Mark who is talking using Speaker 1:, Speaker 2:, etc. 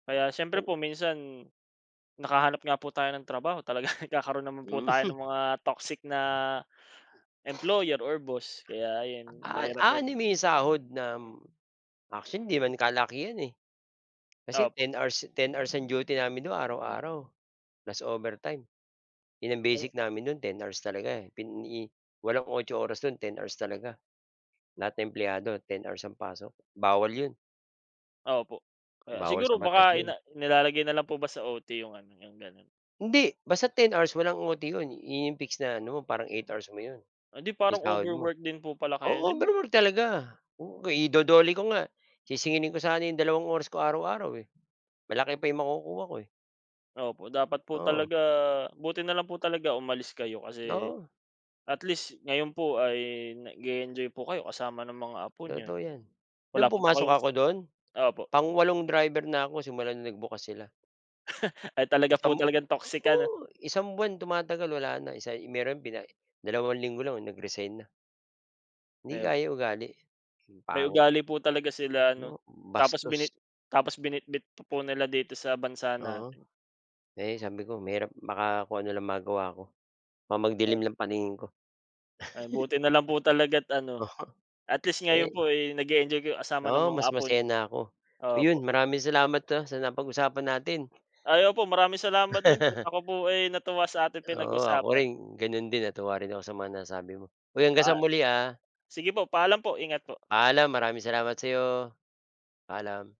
Speaker 1: Kaya syempre po
Speaker 2: [unintelligible]
Speaker 1: minsan, nakahanap nga po tayo ng trabaho talaga nagkakaroon naman po
Speaker 2: Hmm.
Speaker 1: tayo ng mga toxic na, employer or boss kaya ayan,
Speaker 2: Ah,
Speaker 1: mahirap po.
Speaker 2: aanhin mo yung sahod na actually ‘di naman kalakihan eh. Kasi
Speaker 1: Opo.
Speaker 2: 10 hours, 10 hours ang duty namin dun araw-araw, plus overtime, yun ang
Speaker 1: Ayun.
Speaker 2: basic namin nun 10 hours talaga. Pini walang 8 oras dun, 10 hours talaga. Lahat ng empleyado 10 hours ang pasok, bawal yun.
Speaker 1: Opo, ah,
Speaker 2: Bawal
Speaker 1: siguro
Speaker 2: sa batas
Speaker 1: baka ina
Speaker 2: yun.
Speaker 1: nilalagay na lang po ba sa OT yung ano, yung ganun?
Speaker 2: Hindi, basta 10 hours walang OT yun. Yun yung fix na ano mo, parang 8 hours mo yun.
Speaker 1: Eh ‘di parang
Speaker 2: Yung sahod mo
Speaker 1: overwork din po pala kayo
Speaker 2: oo,
Speaker 1: din.
Speaker 2: overall talaga. Oo, ido-DOLE ko nga. Sisingilin ko sana yung dalawang oras ko araw-araw eh. Malaki pa yung makukuha ko eh.
Speaker 1: Opo, dapat po
Speaker 2: Oo.
Speaker 1: talaga buti nalang po talaga umalis kayo kasi
Speaker 2: Oo.
Speaker 1: at least ngayon po ay nag-e-enjoy po kayo kasama ng mga apo niyo.
Speaker 2: Totoo ‘yan. Nung
Speaker 1: Wala pa po
Speaker 2: pumasok
Speaker 1: kayong
Speaker 2: ako dun,
Speaker 1: opo.
Speaker 2: pang walong driver na ako simula na nagbukas sila.
Speaker 1: Ay talaga
Speaker 2: Isang
Speaker 1: pong talagang toxic ano.
Speaker 2: oo, isang buwan tumatagal wala na, isa meron bina dalawang linggo lang nag-resign na. ‘Di
Speaker 1: Ayan po.
Speaker 2: kaya ugali, ang
Speaker 1: May
Speaker 2: pangit.
Speaker 1: ugali po talaga sila
Speaker 2: Hmm,
Speaker 1: ano. Tapos bini
Speaker 2: bastos.
Speaker 1: tapos binitbit pa po nila dito sa bansa
Speaker 2: Oo,
Speaker 1: natin.
Speaker 2: eh, sabi ko mahirap baka kung ano lang magawa ko. Baka magdilim
Speaker 1: Op
Speaker 2: lang paningin ko.
Speaker 1: Ay buti nalang po talaga’t ano,
Speaker 2: Oo,
Speaker 1: at least
Speaker 2: eh
Speaker 1: ngayon po, eh, nag-e-enjoy kayo kasama ng
Speaker 2: Oo,
Speaker 1: mga
Speaker 2: mas
Speaker 1: apo
Speaker 2: masaya
Speaker 1: niyo.
Speaker 2: na ako. Ayun,
Speaker 1: Opo.
Speaker 2: maraming salamat ah, sa napag-usapan natin.
Speaker 1: Ay opo, maraming salamat din po. Ako po ay natuwa sa ating
Speaker 2: Oo ako
Speaker 1: pinag-usapan.
Speaker 2: rin, ganun din natuwa rin ako sa mga nasasabi mo. Uy, hanggang
Speaker 1: Paa
Speaker 2: sa muli ah.
Speaker 1: sige po, paalam po. Ingat po.
Speaker 2: Paalam. Maraming salamat sa’yo, paalam.